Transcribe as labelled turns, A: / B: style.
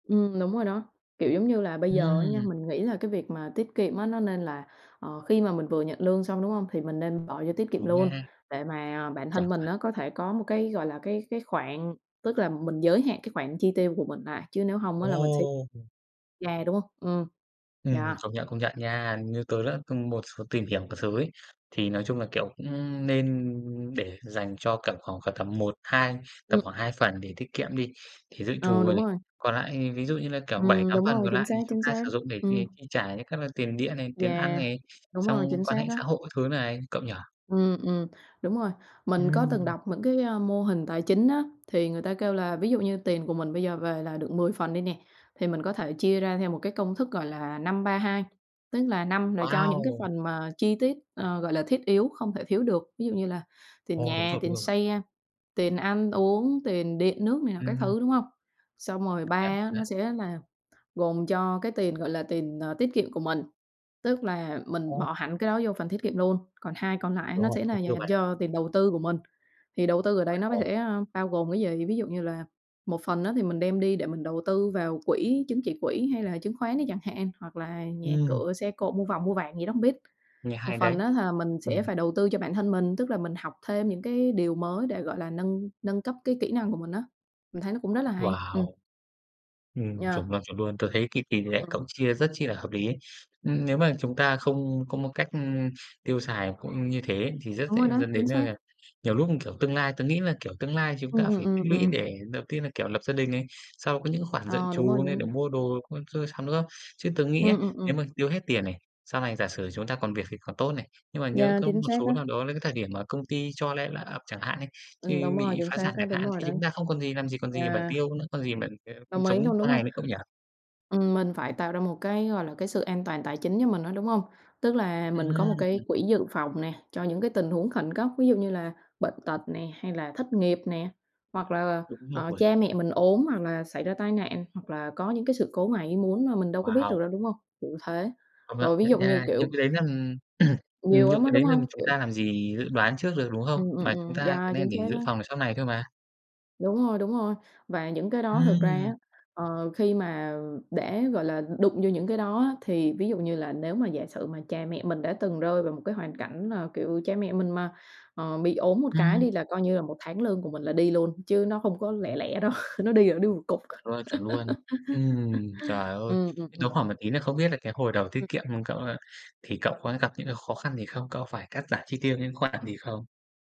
A: Ừm, đúng rồi đó, kiểu giống như là bây giờ á nha,
B: Ừm.
A: mình nghĩ là cái việc mà tiết kiệm á, nó nên là, ờ, khi mà mình vừa nhận lương xong, đúng hông? Thì mình nên bỏ vô tiết kiệm
B: Đúng
A: luôn
B: nha.
A: để mà bản
B: Chuẩn,
A: thân mình
B: chuẩn.
A: á, có thể có một cái, gọi là, cái cái khoản, tức là mình giới hạn cái khoản chi tiêu của mình lại, chứ nếu hông á, là mình sẽ
B: Ồ.
A: yeah, đúng hông? Ừm,
B: Ừm,
A: yeah.
B: công nhận, công nhận nha. Như tớ đã từng một số tìm hiểu các thứ ấy, thì nói chung là, kiểu, cũng nên để dành cho tầm khoảng cỡ tầm một, hai tầm
A: Ừm.
B: khoảng 2 phần để tiết kiệm đi, thì dự
A: Ờ,
B: trù rồi
A: đúng
B: này.
A: rồi.
B: Còn lại ví dụ như là, kiểu, bảy
A: Ừm,
B: tám
A: đúng
B: phần
A: rồi,
B: còn
A: chính
B: lại
A: xác,
B: thì chúng
A: chính
B: ta
A: xác.
B: sử dụng để, ờ,
A: Ừm.
B: chi trả những các là tiền điện này, tiền ăn
A: Yeah,
B: này,
A: đúng
B: xong
A: rồi, chính
B: quan
A: xác
B: hệ
A: á.
B: xã hội các thứ này, cậu nhỉ?
A: Ừm, ừm, đúng rồi. Mình có từng
B: Ừm.
A: đọc những cái, à, mô hình tài chính á, thì người ta kêu là ví dụ như tiền của mình bây giờ về là được 10 phần đi nè, thì mình có thể chia ra theo một cái công thức, gọi là, 5-3-2. Tức là 5 là cho những cái
B: Wow!
A: phần mà chi tiết, ờ, gọi là, thiết yếu không thể thiếu được, ví dụ như là tiền
B: Ồ, đúng
A: nhà,
B: rồi, đúng
A: tiền
B: rồi.
A: xe, tiền ăn uống, tiền điện nước này nọ các
B: Ừm.
A: thứ, đúng hông? Xong rồi 3
B: Công nhận
A: á, nó
B: đấy.
A: sẽ là gồm cho cái tiền, gọi là, tiền, ờ, tiết kiệm của mình, tức là mình
B: Ồ.
A: bỏ hẳn cái đó vô phần tiết kiệm luôn. Còn 2 còn lại
B: Đúng
A: nó
B: rồi,
A: sẽ
B: không
A: là
B: tiêu
A: dành
B: bậy.
A: cho tiền đầu tư của mình. Thì đầu tư ở đây nó có
B: [unintelligible]
A: thể, a, bao gồm cái gì? Ví dụ như là một phần á, thì mình đem đi để mình đầu tư vào quỹ chứng chỉ quỹ hay là chứng khoán đi chẳng hạn, hoặc là nhà
B: Ừm.
A: cửa, xe cộ, mua vòng mua vàng gì đó hông biết.
B: Nghe
A: Một
B: hay đấy.
A: phần á, là mình sẽ
B: Ừm.
A: phải đầu tư cho bản thân mình, tức là mình học thêm những cái điều mới để, gọi là, nâng nâng cấp cái kỹ năng của mình á. Mình thấy nó cũng rất là hay. Ừm.
B: Wow! Ừm,
A: Yeah.
B: chuẩn luôn, chuẩn luôn. Tớ thấy cái tỉ lệ
A: Ừm.
B: cậu chia rất chi là hợp lý ấy. Ừm, nếu mà chúng ta không có một cách, ưm, tiêu xài cũng như thế thì rất
A: Đúng
B: dễ
A: rồi đấy,
B: dẫn
A: chính
B: đến, à,
A: xác!
B: là, nhiều lúc, kiểu, tương lai tớ nghĩ là, kiểu, tương lai chúng ta
A: Ừm, ừm,
B: phải
A: ừm,
B: tích lũy
A: ừm.
B: để đầu tiên là, kiểu, lập gia đình này, sau có những khoản dự
A: Ờ, đúng rồi
B: trù như để
A: [unintelligible]
B: mua đồ con sơ sắm, đúng không? Chứ tớ nghĩ á,
A: Ừm, ừm, ừm.
B: nếu mà tiêu hết tiền này, sau này giả sử chúng ta còn việc thì còn tốt này. Nhưng mà nhỡ
A: Yeah,
B: có
A: chính
B: một
A: xác
B: số
A: á.
B: nào đó là cái thời điểm mà công ty cho le layoff chẳng hạn đi,
A: Ừm, đúng
B: như
A: rồi,
B: bị
A: chính
B: phá
A: xác
B: sản
A: á,
B: chẳng
A: đúng
B: hạn
A: rồi
B: thì
A: đấy.
B: chúng ta không còn gì, làm gì còn gì mà
A: Yeah.
B: tiêu nữa, còn gì mà, kiểu,
A: Đồng ý
B: sống
A: luôn,
B: qua
A: đúng
B: ngày
A: hông?
B: nữa cậu nhỉ.
A: Ừm, mình phải tạo ra một cái, gọi là, cái sự an toàn tài chính cho mình á, đúng hông? Tức là mình có một cái
B: Ừm.
A: quỹ dự phòng nè, cho những cái tình huống khẩn cấp. Ví dụ như là bệnh tật nè hay là thất nghiệp nè, hoặc là,
B: Đúng
A: ờ, ờ
B: rồi.
A: cha mẹ mình ốm hoặc là xảy ra tai nạn hoặc là có những cái sự cố ngoài ý muốn mà mình đâu có biết được
B: Wow!
A: đâu, đúng hông? Kiểu thế.
B: Công nhận,
A: Rồi ví
B: nhận
A: dụ như
B: nha.
A: kiểu
B: Những cái đấy, nó, ừm
A: Nhiều lắm
B: những
A: á,
B: cái
A: đúng
B: đấy nên
A: hông?
B: chúng
A: Kiểu
B: ta làm gì dự đoán trước được, đúng không?
A: Ừm, ừm,
B: Mà chúng
A: ừm,
B: ta
A: yeah, chính
B: nên để
A: xác
B: dự
A: á.
B: phòng để sau này thôi mà.
A: Đúng rồi, đúng rồi. Và những cái đó thực ra á,
B: Ừm.
A: ờ, khi mà để, gọi là, đụng vô những cái đó á, thì ví dụ như là nếu mà giả sử mà cha mẹ mình đã từng rơi vào một cái hoàn cảnh là, kiểu, cha mẹ mình mà, ờ, bị ốm một cái
B: Ừm.
A: đi là coi như là 1 tháng lương của mình là đi luôn, chứ nó không có lẻ lẻ đâu, nó đi là đi một cục.
B: Chuẩn luôn, chuẩn luôn. Ừm, trời ơi,
A: Ừm, ừm,
B: tớ
A: ừm.
B: hỏi một tí nữa không biết là cái hồi đầu tiết
A: Ừm.
B: kiệm, ừm, cậu, ơ, thì cậu có gặp những cái khó khăn gì không? Cậu phải cắt giảm chi tiêu những khoản gì không?